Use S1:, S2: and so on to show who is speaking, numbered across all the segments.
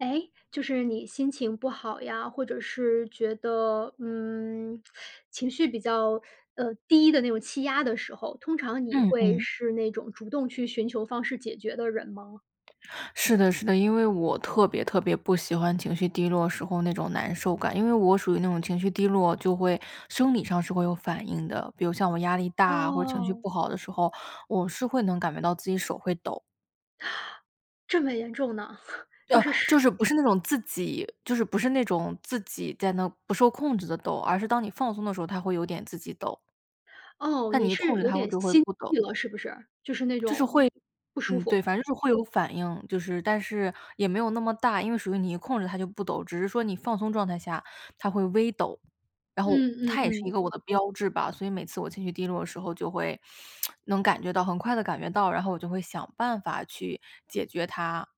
S1: 诶，就是你心情不好呀，或者是觉得，嗯，情绪比较，呃，低的那种气压的时候，通常你
S2: 嗯
S1: 会
S2: 嗯。
S1: 是那种主动去寻求方式解决的人吗？
S2: 是的，是的，因为我特别特别不喜欢情绪低落时候那种难受感，因为我属于那种情绪低落，就会生理上是会有反应的。比如像我压力大，或者情绪
S1: 哦。
S2: 不好的时候，我是会能感觉到自己手会抖。
S1: 这么严重呢？就
S2: 呃，
S1: 是，是
S2: 就是不是那种自己就是不是那种自己在那不受控制地抖，而是当你放松的时候，它会有点自己抖。
S1: 哦，
S2: 但你
S1: 你
S2: 一控
S1: 是
S2: 制
S1: 有
S2: 它，我
S1: 点
S2: 就会
S1: 心
S2: 不抖。
S1: 悸了，是不是？就是那
S2: 就是
S1: 种
S2: 会
S1: 不舒
S2: 嗯，
S1: 服。
S2: 对，反正就是会有反应，就是但是也没有那么大，因为属于你一控制它就不抖，只是说你放松状态下它会微抖，然后
S1: 嗯嗯
S2: 它也是
S1: 嗯。
S2: 一个我的标志吧。所以每次我情绪低落的时候就会 能感觉到很快地感觉到，然后我就会想办法去解决它。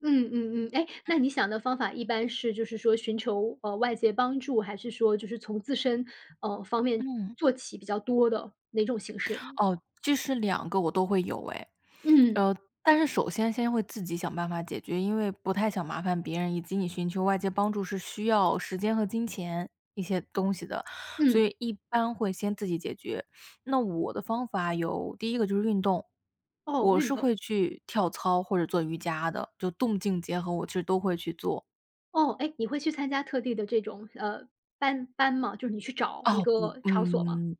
S1: 嗯嗯嗯。诶，那你
S2: 嗯。
S1: 想的方法一般是就是说寻求，呃，外界帮助，还是说就是从自身，呃，方面
S2: 嗯。
S1: 做起，比较多的，哪种形式？
S2: 哦，这是2个我都会有哎。
S1: 嗯。
S2: 呃，但是首先先会自己想办法解决，因为不太想麻烦别人，以及你寻求外界帮助是需要时间和金钱一些东西的，所
S1: 嗯。
S2: 以一般会先自己解决。那我的方法有，第一个就是运动，
S1: 哦，
S2: 我
S1: 运
S2: 是
S1: 动。
S2: 会去跳操或者做瑜伽的，就动静结合，我其实都会去做。
S1: 哦。诶，你会去参加特地的这种，呃，班班吗？就你去找一
S2: 哦，不
S1: 个场所吗？
S2: 嗯，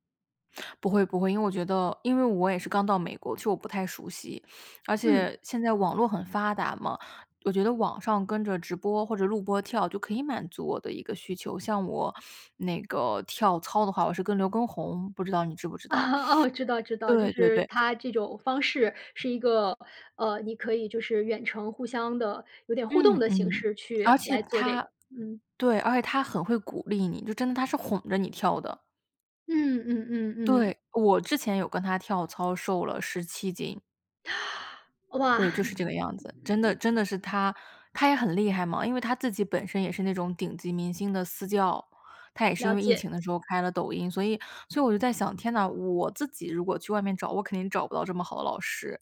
S2: 不会，不会。因为我觉得因为我也是刚到美国，其实我不太熟悉。而
S1: 嗯。
S2: 且现在网络很发达嘛，我觉得网上跟着直播或者录播跳，就可以满足我的一个需求。像我那个跳操的话，我是跟刘耕宏，不知道你知不知道。
S1: 哦，知道，知道，就
S2: 对对
S1: 是
S2: 对。
S1: 他这种方式是一个，呃，你可以就是远程互相的有点互动
S2: 嗯，
S1: 的形
S2: 嗯，
S1: 式
S2: 而
S1: 去
S2: 且
S1: 来做这
S2: 他
S1: 个。嗯。
S2: 对，而且他很会鼓励你，就真的，他是哄着你跳的。
S1: 嗯嗯嗯嗯。
S2: 对，我之前有跟他跳操，瘦了17斤。
S1: 哇。
S2: 对，就是这个样子，真的真的是他他也很厉害嘛。因为他自己本身也是那种顶级明星的私教，他也是
S1: 了
S2: 因为疫
S1: 解。
S2: 情的时候开了抖音。所以所以我就在想：“天呐，我自己如果去外面找，我肯定找不到这么好的老师。”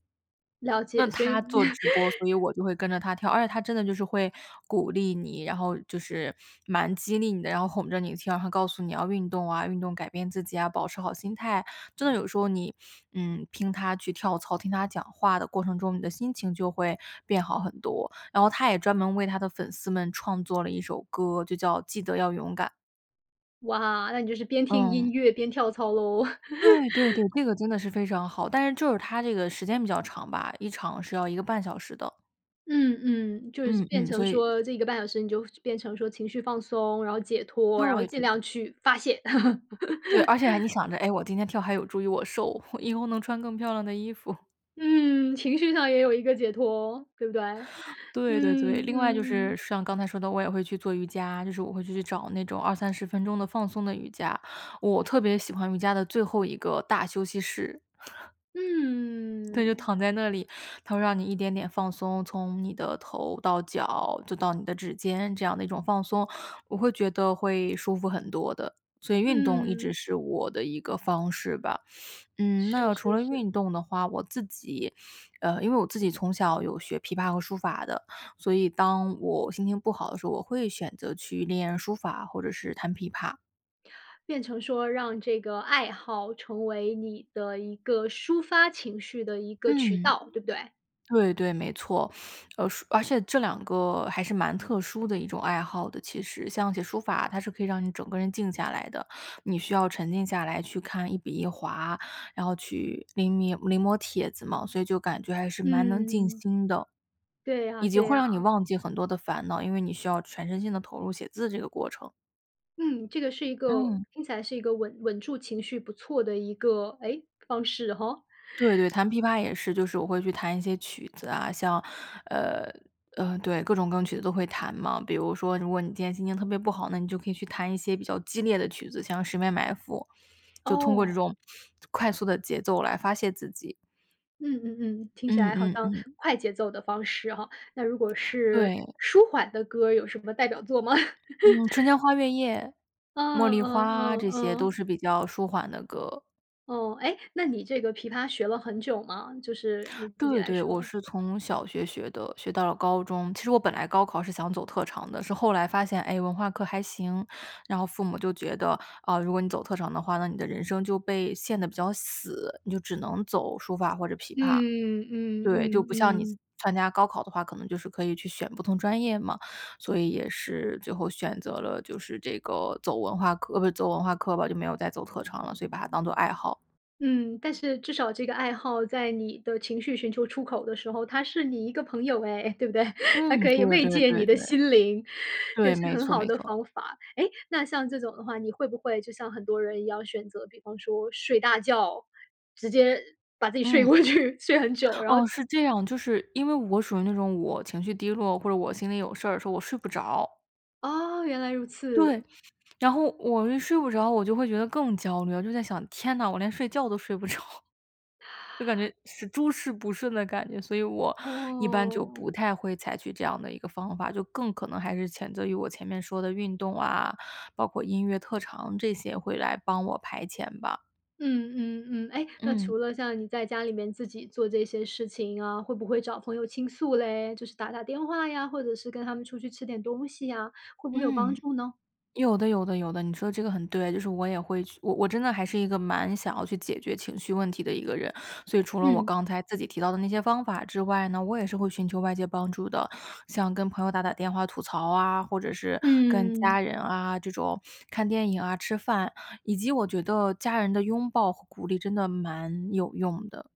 S1: 了
S2: 那
S1: 解，所以
S2: 他做直播，所以 我就会跟着他跳。而且他真的就是会鼓励你，然后就是蛮激励你的，然后哄着你跳，然后告诉你要运动啊，运动改变自己啊，保持好心态。真的有时候你，嗯，听他去跳操，听他讲话的过程中，你的心情就会变好很多。然后他也专门为他的粉丝们创作了一首歌，就叫《记得要勇敢》。
S1: 哇！那你就是边听
S2: 嗯。
S1: 音乐边跳操喽。
S2: 对，对，对，这个真的是非常好，但是就是它这个时间比较长吧，一场是要1个半小时的。
S1: 嗯，嗯，就是
S2: 嗯，
S1: 变
S2: 嗯，
S1: 成
S2: 所以
S1: 说这1个半小时你就变成说情绪放松，然后解脱，然后
S2: 对，
S1: 尽
S2: 对。
S1: 量去发泄。
S2: 对，而且还你 想着：“诶，我今天跳还有助于我瘦，因为我能穿更漂亮的衣服。”
S1: 嗯，情绪上也有一个解脱，对不对？
S2: 对对对，
S1: 嗯，
S2: 另外就是
S1: 嗯。
S2: 像刚才说的我也会去做瑜伽，就是我会去找那种20-30分钟的放松的瑜伽，我特别喜欢瑜伽的最后一个大休息式。对，就
S1: 嗯。
S2: 躺在那里，它会让你一点点放松，从你的头到脚就到你的指尖，这样的一种放松，我会觉得会舒服很多的，所以运动一直
S1: 嗯。
S2: 是我的一个方式吧。嗯，
S1: 是
S2: 那除
S1: 是
S2: 了
S1: 是。
S2: 运动的话，我自己，呃，因为我自己从小有学琵琶和书法的，所以当我心情不好的时候，我会选择去练书法或者是弹琵琶。
S1: 变成说让这个爱好成为你的一个抒发情绪的一个渠
S2: 嗯。
S1: 道，对不对？
S2: 对对，没错。呃，说而且这两个还是蛮特殊的一种爱好的，其实。像写书法，它是可以让你整个人静下来的，你需要沉静下来去看一笔一划，然后去临迷临摹帖子嘛，所以就感觉还是蛮能静
S1: 嗯。
S2: 心的。
S1: 对呀，
S2: 以及
S1: 对
S2: 会
S1: 呀。
S2: 让你忘记很多的烦恼，因为你需要全身心地投入写字这个过程。
S1: 嗯，这个是一个
S2: 嗯。
S1: 听起来是一个稳稳住情绪不错的一个，诶，方式吼。
S2: 对 对，弹琵琶也是。就是我会去弹一些曲子啊，像呃，呃，对，各种各种曲子都会弹嘛。比如说如果你今天心情特别不好，那你就可以去弹一些比较激烈的曲子，像《十面埋伏》，就通过这
S1: 哦。
S2: 种快速的节奏来发泄自己。
S1: 嗯嗯嗯，听起
S2: 嗯，
S1: 来好
S2: 嗯，
S1: 像
S2: 嗯。
S1: 快节奏的方式哈。那如果是
S2: 对。
S1: 舒缓的歌儿有什么代表作吗？
S2: 嗯，《春 江花月夜》、《茉
S1: 嗯
S2: 莉
S1: 嗯
S2: 花》，
S1: 嗯
S2: 这些都
S1: 嗯。
S2: 是比较舒缓的歌。
S1: 哦。诶，那你这个琵琶学了很久吗？就是你自己
S2: 对
S1: 来
S2: 对，我
S1: 说。
S2: 是从小学学的，学到了高中。其实我本来高考是想走特长的，是后来发现，诶，文化课还行，然后父母就觉得，啊，如果你走特长的话，那你的人生就被限得比较死，你就只能走书法或者琵琶。
S1: 嗯嗯
S2: 对，就
S1: 嗯
S2: 不像你
S1: 嗯。
S2: 参加高考的话，可能就是可以去选不同专业嘛，所以也是最后选择了就是这个走文化课诶，不，走文化课吧，就没有再走特长了，所以把它当作爱好。
S1: 嗯，但是至少这个爱好在你的情绪寻求出口的时候，它是你一个朋友哎，对不对？它
S2: 嗯，
S1: 可以
S2: 对
S1: 慰
S2: 对
S1: 藉你
S2: 对
S1: 的
S2: 对。
S1: 心灵，也
S2: 对，
S1: 是
S2: 没
S1: 很
S2: 错，
S1: 好
S2: 没
S1: 的
S2: 错。
S1: 方法。诶，那像这种的话，你会不会就像很多人要选择，比方说睡大觉，直接把自己睡
S2: 嗯。
S1: 过去，睡很久，然后
S2: 哦，是这样。就是因为我属于那种我情绪低落，或者我心里有事儿，说我睡不着。
S1: 哦，原来如
S2: 对。
S1: 此。
S2: 然后我睡不着，我就会觉得更焦虑，我就在想，天呐，我连睡觉都睡不着。就感觉是诸事不顺的感觉，所以我一般就
S1: 哦。
S2: 不太会采取这样的一个方法，就更可能还是谴责于我前面说的运动啊，包括音乐特长这些会来帮我排遣吧。
S1: 嗯，嗯，嗯，诶那
S2: 嗯。
S1: 除了像你在家里面自己做这些事情啊，会不会找朋友倾诉嘞？就是打打电话呀，或者是跟他们出去吃点东西啊，会不会有帮
S2: 嗯。
S1: 助呢？
S2: 有的，有的，有的，你说这个很对。就是我也会去我我真的还是一个蛮想要去解决情绪问题的一个人。所以除了我
S1: 嗯。
S2: 刚才自己提到的那些方法之外呢，我也是会寻求外界帮助的。像跟朋友打打电话吐槽啊，或者是跟家
S1: 嗯。
S2: 人啊，这种看电影啊、吃饭，以及我觉得家人的拥抱和鼓励真的蛮有用的。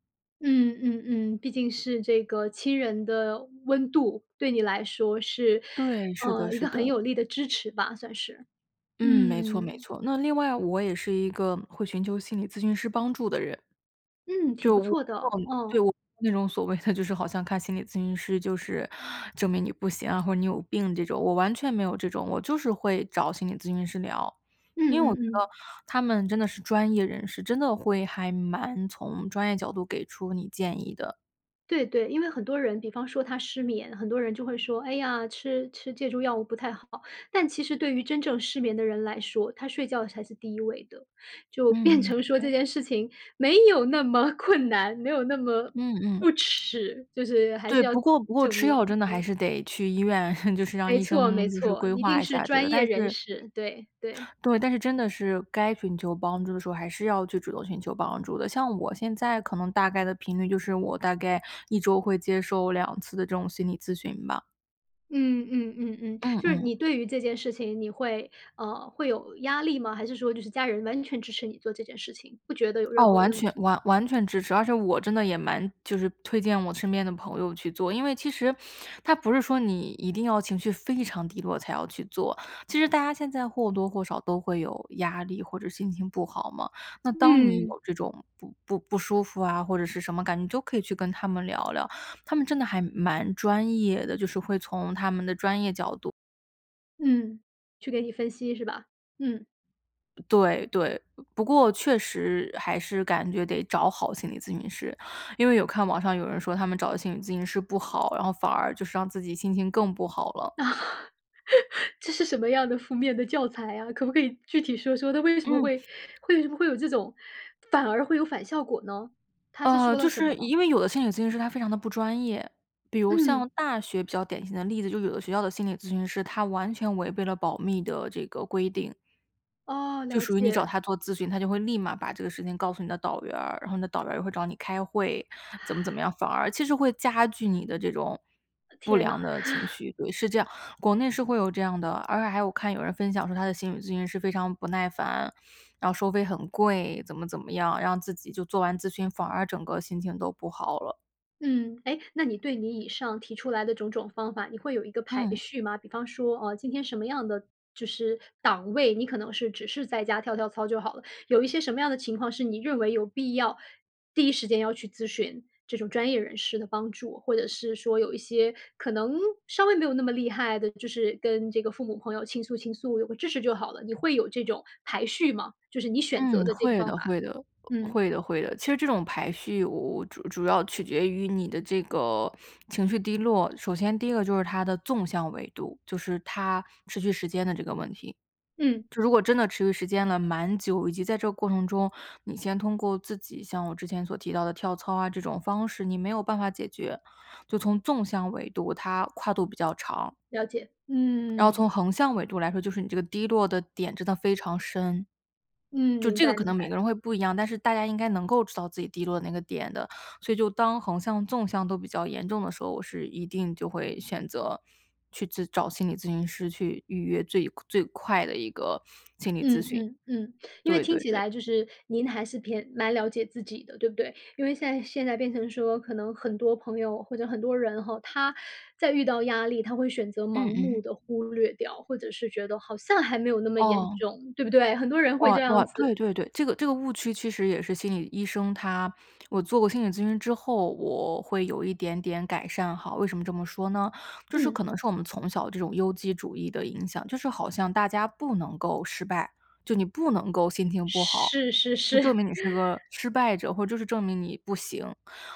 S1: 嗯，嗯，嗯，毕竟是这个亲人的温度，对你来说是，
S2: 对，是的，
S1: 呃，一
S2: 是
S1: 个很
S2: 的。
S1: 有力的支持吧，算是，
S2: 嗯，没错，没
S1: 嗯。
S2: 错。那另外我也是一个会寻求心理咨询师帮助的人。
S1: 嗯，挺
S2: 就我
S1: 不错的，
S2: 对，
S1: 嗯。
S2: 我不是那种所谓的就是好像看心理咨询师就是证明你不行啊，或者你有病这种，我完全没有这种，我就是会找心理咨询师聊。
S1: 嗯，
S2: 因为我觉
S1: 嗯，
S2: 得
S1: 嗯。
S2: 他们真的是专业人士，真的会还蛮从专业角度给出你建议的。
S1: 对，对，因为很多人比方说他失眠，很多人就会说，哎呀，吃吃借助药物不太好。但其实对于真正失眠的人来说，他睡觉才是第1位的。就变
S2: 嗯，
S1: 成说这
S2: 诶
S1: 件事情没有那么困难，没有那么
S2: 嗯嗯。
S1: 不耻，就是还
S2: 对，
S1: 是要
S2: 不过不过
S1: 正
S2: 吃药
S1: 面，
S2: 真的还
S1: 对。
S2: 是得去医院，就是让
S1: 没
S2: 医
S1: 错，没
S2: 生就是
S1: 错，
S2: 规
S1: 一
S2: 划
S1: 定
S2: 一
S1: 是
S2: 下这个，
S1: 专业
S2: 但
S1: 人
S2: 是
S1: 士，对，对。
S2: 对，但是真的是该寻求帮助的时候，还是要就主动寻求帮助的。像我现在可能大概的频率，就是我，大概1周会接受2次的这种心理咨询吧。
S1: 嗯嗯嗯嗯。
S2: 嗯
S1: 就是
S2: 嗯。
S1: 你对于这件事情，你会，呃会有压力吗？还是说就是家人完全支持你做这件事情，不觉得有任
S2: 哦，
S1: 何
S2: 完
S1: 问
S2: 全
S1: 题？
S2: 完完全支持，而且我真的也蛮就是推荐我身边的朋友去做。因为其实，它不是说你一定要情绪非常低落才要去做。其实大家现在或多或少都会有压力，或者心情不好嘛。那当你
S1: 嗯。
S2: 有这种不不不舒服啊，或者是什么感觉，你就可以去跟他们聊聊。他们真的还蛮专业的，就是会从他们的专业角度
S1: 嗯，去给你分析是吧？嗯。
S2: 对，对，不过确实还是感觉得找好心理咨询师。因为我看网上有人说他们找的心理咨询师不好，然后反而就是让自己心情更不好了。
S1: 这是什么样的负面的教材啊？可不可以具体说说他为什么
S2: 嗯。
S1: 会为什么会有这种反而会有反效果呢？他是
S2: 呃，
S1: 说了
S2: 就
S1: 什么
S2: 是
S1: 吗？
S2: 因为有的心理咨询师他非常的不专业。比如
S1: 嗯。
S2: 像大学比较典型的例子，就是有的学校的心理咨询师，他完全违背了保密的这个规定。
S1: 哦，
S2: 就
S1: 了
S2: 属于你找
S1: 解。
S2: 他做咨询，他就会立马把这个事情告诉你的导员儿，然后你的导员儿也会找你开会，怎么怎么样，反而其实会加剧你的这种不
S1: 天呐。
S2: 良的情 绪。对，是这样，国内是会有这样的。而且还有我看有人分享说他的心理咨询师非常不耐烦，然后收费很贵，怎么怎么样，让自己就做完咨询，反而整个心情都不好了。
S1: 嗯。诶，那你对你以上提出来的种种方法，你会有一个排
S2: 嗯。
S1: 序吗？比方说，啊，今天什么样的就是档位，你可能是只是在家跳跳操就好了，有一些什么样的情况是你认为有必要，第一时间要去咨询这种专业人士的帮助。或者是说有一些可能，稍微没有那么厉害的，就是跟这个父母、朋友倾诉倾诉，有个支持就好了？你会有这种排序吗？就是你选择
S2: 嗯，
S1: 的这个
S2: 会
S1: 方
S2: 的，
S1: 法。
S2: 会的，
S1: 嗯。
S2: 会的，会的。其实这种排序我我主主要取决于你的这个情绪低落，首先第一个就是它的纵向纬度，就是它持续时间的这个问题。
S1: 嗯。
S2: 就如果真的持续时间了蛮久，以及在这个过程中，你先通过自己像我之前所提到的跳操啊，这种方式，你没有办法解决，就从纵向纬度，它跨度比较长。
S1: 了解。
S2: 然后从
S1: 嗯。
S2: 横向纬度来说，就是你这个低落的点真的非常深。
S1: 嗯，
S2: 就
S1: 明
S2: 这个
S1: 白，
S2: 可
S1: 明
S2: 能每
S1: 白。
S2: 个人会不一样，但是大家应该能够知道自己低落那个点的。所以就当横向、纵向都比较严重的时候，我是一定就会选择去咨找心理咨询师去预约最最快的一个心理咨
S1: 嗯，
S2: 询。
S1: 嗯，嗯，因为
S2: 对
S1: 听
S2: 对
S1: 起
S2: 对。
S1: 来就是您还是偏蛮了解自己的，对不对？因为现在现在变成说可能很多朋友或者很多人吼，他在遇到压力，他会选择
S2: 嗯
S1: 盲
S2: 嗯。
S1: 目地忽略掉，或者是觉得好像还没有那么严
S2: 哦。
S1: 重，对不对？很多人会
S2: 哇，
S1: 这
S2: 哇，
S1: 样
S2: 对
S1: 子。
S2: 对对。这个这个误区其实也是心理医生，他我做过心理咨询之后，我会有一点点改善哈。为什么这么说呢？就是
S1: 嗯。
S2: 可能是我们从小这种优绩主义的影响，就是好像大家不能够失败，就你不能够心情不好，
S1: 是，是，
S2: 就
S1: 是。
S2: 证明你是个 失败者，或就是证明你不行。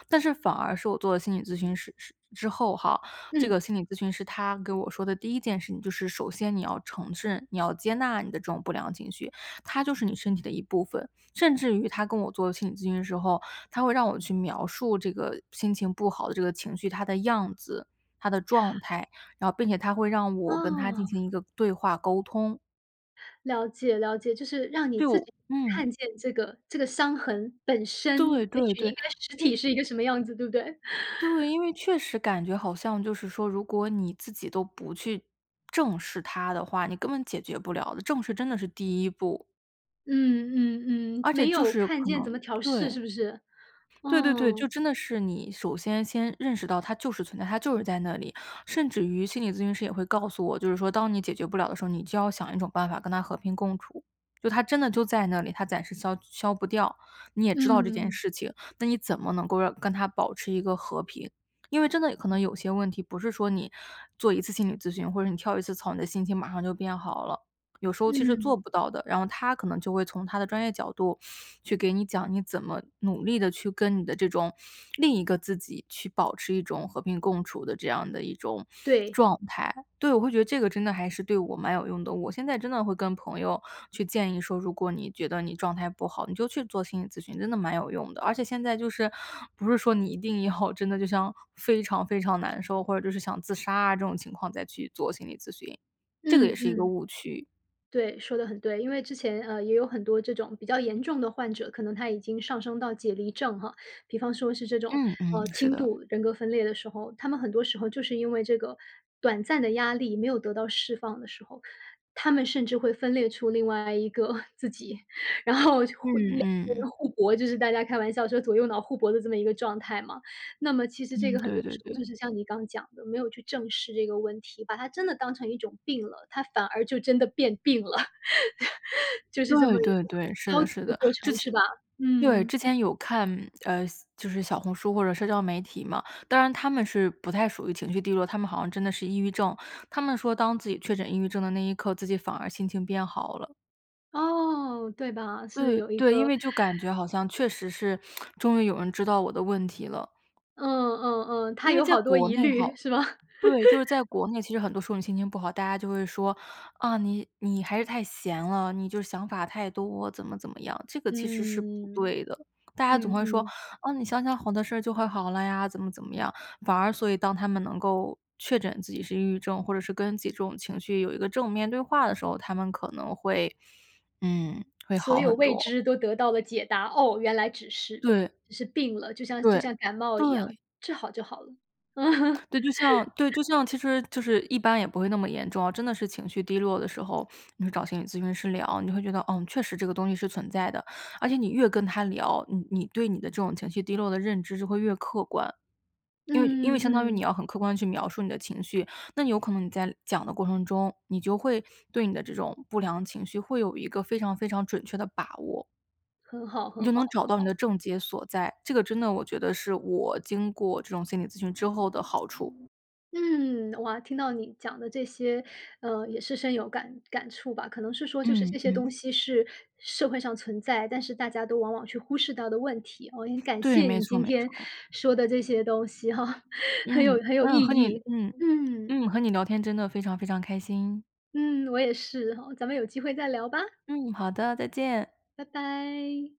S2: 但是反而是我做了心理咨询师师之后哈，这个
S1: 嗯。
S2: 心理咨询师他给我说的第一件事情，就是首先你要承认，你要接纳你的这种不良情绪，它就是你身体的一部分。甚至于他跟我做了心理咨询的时候，他会让我去描述这个心情不好的这个情绪，它的样子、它的状态，然后并且他会让我跟它进
S1: 哦。
S2: 行一个对话沟通。
S1: 了解，了解，就是让你自
S2: 就
S1: 己
S2: 嗯。
S1: 看见这个这个伤痕本
S2: 对，
S1: 身，也
S2: 对，
S1: 许
S2: 对，
S1: 应该实
S2: 因
S1: 体是一个什么样子，对不对？
S2: 对，因为确实感觉好像就是说，如果你自己都不去正视它的话，你根本解决不了的，正视真的是第一步。
S1: 嗯，嗯，嗯，
S2: 而且
S1: 没
S2: 就
S1: 有
S2: 是
S1: 看
S2: 可
S1: 见怎么
S2: 能，
S1: 调试
S2: 对。
S1: 是不是？
S2: 对对对，就
S1: 哦。
S2: 真的是你首先先认识到它就是存在，它就是在那里。甚至于心理咨询师也会告诉我，就是说当你解决不了的时候，你就要想一种办法跟它和平共处，就它真的就在那里，它暂时消消不掉，你也知道这件
S1: 嗯。
S2: 事情，那你怎么能够让跟它保持一个和平。因为真的可能有些问题不是说你做一次心理咨询，或者你跳一次操，你的心情马上就变好了，有时候其实
S1: 嗯。
S2: 做不到的。然后他可能就会从他的专业上角度给你讲，你怎么努力地去跟你的这种另一个自己去保持一种和平共处的这样的一种
S1: 对。
S2: 状态。对，我会觉得这个真的还是对我蛮有用的，我现在真的会跟朋友去建议说，如果你觉得你状态不好，你就去做心理咨询，真的蛮有用的。而且现在就是不是说你一定要真的就像非常非常难受，或者就是想自杀啊这种情况再去做心理咨询，这个
S1: 嗯，
S2: 也是一个
S1: 嗯。
S2: 误区。
S1: 对，说得很对，因为之前，呃，也有很多这种比较严重的患者，可能他已经上升到解离症哈。比方说是这种，
S2: 嗯，嗯，
S1: 呃，
S2: 是
S1: 轻
S2: 的。
S1: 度人格分裂的时候，他们很多时候就是因为这个短暂的压力没有得到释放的时候，他们甚至会分裂出另外一个 自己，然后就互两
S2: 嗯，
S1: 个
S2: 嗯。
S1: 人互搏，就是大家开玩笑说左右脑互搏的这么一个状态嘛。那么其实这
S2: 嗯，
S1: 个很多
S2: 对对
S1: 时候
S2: 对。
S1: 就是像你刚讲的，没有去正视这个问题，把它真的当成一种病了，他反而就真的变病了。就是这
S2: 对，
S1: 么一个
S2: 对，
S1: 很
S2: 对，是
S1: 消
S2: 的，
S1: 极
S2: 是
S1: 的
S2: 的，
S1: 过
S2: 之
S1: 程，
S2: 前
S1: 是吧？
S2: 对，
S1: 嗯。
S2: 之前有看，呃，就是小红书或者社交媒体嘛，当然他们是不太属于情绪低落，他们好像真的是抑郁症，他们说当自己确诊抑郁症的那一刻，自己反而心情变好了。
S1: 哦，对吧，是
S2: 对，
S1: 有一
S2: 对，因
S1: 个
S2: 为就感觉好像确实是终于有人知道我的问题了。
S1: 嗯嗯嗯，他
S2: 因为
S1: 有
S2: 在
S1: 好多
S2: 国
S1: 疑
S2: 内
S1: 虑，
S2: 好
S1: 是吗？
S2: 对，就是在 国内，其实很多时候你心情不好，大家就会说，啊，你你还是太闲了，你就是想法太多，怎么怎么样。这个其实是不
S1: 嗯，
S2: 对的，大家总
S1: 嗯，
S2: 会说：
S1: 嗯。
S2: “啊，你想想好的事儿，就会好了呀。”怎么怎么样，反而所以当他们能够确诊自己是抑郁症，或者是跟自己这种情绪有一个正面对话的时候，他们可能会嗯，会
S1: 所
S2: 好
S1: 有
S2: 很
S1: 未
S2: 多。
S1: 知都得到了解答，哦，原来只是
S2: 对。
S1: 只是病了，就像就
S2: 对，
S1: 像感冒一样，
S2: 对。
S1: 治好就好了。
S2: 对，就像对，就像其实就是一般也不会那么严重，真的是情绪低落的时候，你会找心理咨询师聊，你会觉得，嗯，确实这个东西是存在的。而且你越跟他聊，呃，你对你的这种情绪低落的认知就会越客观。因为因为
S1: 嗯嗯，
S2: 相当于你
S1: 嗯。
S2: 要很客观地去描述你的情绪，那你有可能你在讲的过程中，你就会对你的这种不良情绪会有一个非常非常准确的把握。
S1: 很好，
S2: 你
S1: 很
S2: 就
S1: 好，
S2: 能找
S1: 很
S2: 到你的
S1: 好。
S2: 症结所在，这个真的，我觉得是我经过这种心理咨询之后的好处。
S1: 嗯，哇，听到你讲的这些，呃，也是深有感感触吧，可能是说就是
S2: 嗯，
S1: 这些东
S2: 嗯。
S1: 西是社会上存在，但是大家都往往去忽视到的问题，我很感
S2: 对，
S1: 谢
S2: 没
S1: 你
S2: 错，
S1: 今
S2: 没
S1: 天
S2: 错。
S1: 说的这些东西哈，很有
S2: 嗯，
S1: 很有意
S2: 嗯，和你
S1: 义。
S2: 嗯，
S1: 嗯。
S2: 嗯，和你聊天真的非常非常开心。
S1: 嗯，我也是哈，咱们有机会再聊吧。
S2: 嗯，好的，再见。
S1: 拜拜。